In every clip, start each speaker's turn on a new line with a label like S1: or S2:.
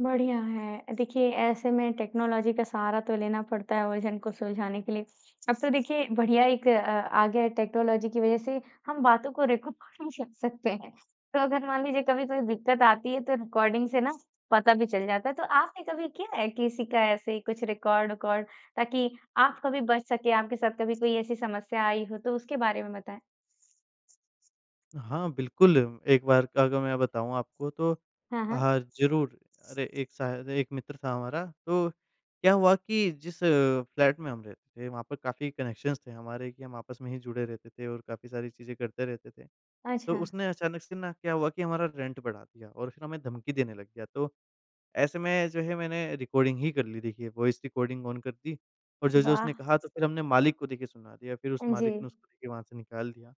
S1: बढ़िया है, अ, देखिए ऐसे में टेक्नोलॉजी का सहारा तो लेना पड़ता है उलझन को सुलझाने के लिए, अब तो देखिए बढ़िया एक अ, आ गया है टेक्नोलॉजी की वजह से हम बातों को रिकॉर्ड भी रख सकते हैं। तो अगर मान लीजिए कभी कोई दिक्कत आती है तो रिकॉर्डिंग से ना, पता भी चल जाता है, तो आपने कभी किया है किसी का ऐसे कुछ रिकॉर्ड विकॉर्ड ताकि आप कभी बच सकें आपके साथ कभी कोई ऐसी समस्या आई हो तो उसके बारे में बताएँ?
S2: हाँ, बिल्कुल, एक बार का अगर मैं बताऊँ आपको तो
S1: हाँ, हाँ।
S2: हाँ, ज़रूर, अरे एक शायद एक मित्र था हमारा तो क्या हुआ कि जिस फ्लैट में हम रहते थे वहाँ पर काफ़ी कनेक्शंस थे हमारे कि हम आपस में ही जुड़े रहते थे और काफ़ी सारी चीज़ें करते रहते थे। तो
S1: अच्छा।
S2: उसने अचानक से न क्या हुआ कि हमारा रेंट बढ़ा दिया और फिर हमें धमकी देने लग गया तो, ऐसे में जो है मैंने रिकॉर्डिंग ही कर ली देखिए वॉइस रिकॉर्डिंग ऑन कर दी और जो-जो उसने
S1: वाह।
S2: कहा तो फिर हमने मालिक को देखिए सुना दिया फिर उस
S1: हाँ
S2: मालिक ने
S1: जी।
S2: उसको देखिए वहाँ से निकाल दिया।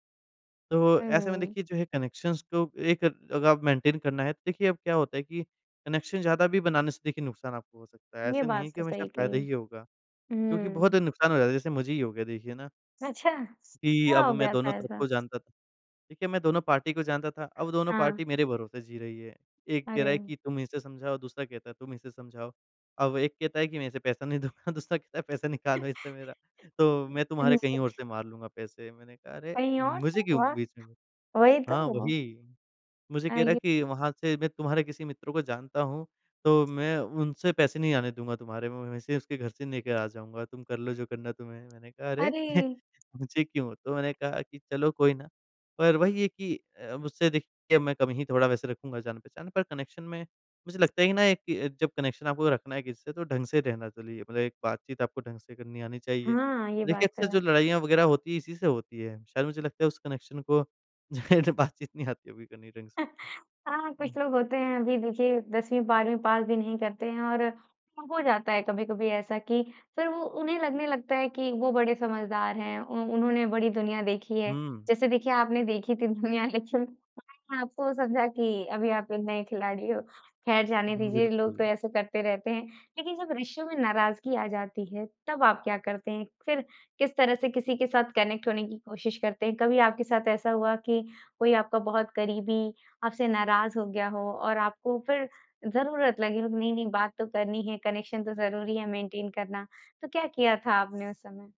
S2: तो ऐसे में
S1: हुँ।
S2: देखिए जो है कनेक्शंस तो एक अगर आप मेंटेन करना है तो देखिए अब क्या होता है कि कनेक्शन ज़्यादा भी बनाने से देखिए नुकसान आपको हो सकता है
S1: ये
S2: ऐसा नहीं है
S1: बात
S2: कि
S1: तो
S2: हमेशा
S1: सही कही,
S2: फायदा ही होगा, क्योंकि बहुत
S1: हुँ।
S2: नुकसान हो जाता है जैसे मुझे ही हो गया देखिए ना।
S1: अच्छा,
S2: कि
S1: क्या
S2: अब
S1: हो
S2: मैं
S1: गया
S2: दोनों
S1: था
S2: तरफ
S1: ऐसा?
S2: को जानता था, देखिए मैं दोनों पार्टी को जानता था अब दोनों
S1: हाँ।
S2: पार्टी मेरे भरोसे जी रही है। एक कह रहा है
S1: अरे।
S2: कि तुम इसे समझाओ दूसरा कहता है तुम इसे समझाओ। अब एक कहता है कि मैं इसे पैसा नहीं दूँगा दूसरा कहता है पैसा निकालो इससे मेरा तो मैं
S1: हाँ
S2: तुम्हारे कहीं और
S1: जी।
S2: से मार लूँगा पैसे। मैंने कहा अरे!
S1: कहीं और से
S2: मुझे क्यों
S1: और,
S2: बीच में
S1: वही
S2: हाँ,
S1: तो।
S2: वही। मुझे
S1: अ,
S2: कह रहा है
S1: ये
S2: कि वहाँ से मैं तुम्हारे किसी मित्र को जानता हूँ तो मैं उनसे पैसे नहीं आने दूँगा तुम्हारे मैं वैसे ही उसके घर से लेकर आ जाऊँगा तुम कर लो जो करना है तुम्हें। मैंने कहा अरे!
S1: अरे!
S2: मुझे क्यों? तो मैंने कहा कि चलो कोई ना, पर वही है कि अ, अब उससे देखिए मैं कम ही थोड़ा वैसे रखूँगा जान-पहचान पर कनेक्शन में, मुझे लगता है ना कि जब कनेक्शन आपको रखना है किसी से तो ढंग से रहना चलिए। मतलब एक बात-चीत आपको ढंग से करनी आनी चाहिए,
S1: हाँ, ये
S2: तो देखिए
S1: बात
S2: अक्सर
S1: तो
S2: जो
S1: है।
S2: लड़ाइयाँ वगैरह होती है इसी से होती है। शायद मुझे लगता है उस कनेक्शन को जाहिर है बात-चीत नहीं आती करनी ढंग से।
S1: हाँ, कुछ
S2: हुँ।
S1: लोग होते हैं अभी देखिए 10वीं-12वीं पास भी नहीं करते हैं और हो जाता है कभी-कभी ऐसा कि, फिर वो उन्हें लगने लगता है कि वो बड़े समझदार हैं। उ उन्होंने बड़ी दुनिया देखी है,
S2: हुँ।
S1: जैसे देखिए आपने देखी थी दुनिया लेकिन मैंने आपको समझा कि अभी आप एक नए खिलाड़ी हो, खैर जाने
S2: हुँ,
S1: दीजिए लोग
S2: बिल्कुल।
S1: तो ऐसे करते रहते हैं। लेकिन जब रिश्तों में नाराज़गी आ जाती है, तब आप क्या करते हैं? फिर, किस तरह से किसी के साथ कनेक्ट होने की कोशिश करते हैं कभी आपके साथ ऐसा हुआ कि कोई आपका बहुत करीबी आपसे नाराज़ हो गया हो और आपको फिर ज़रूरत लगी हो कि नहीं-नहीं बात तो करनी है कनेक्शन तो ज़रूरी है मेंटेन करना, तो क्या किया था आपने उस समय?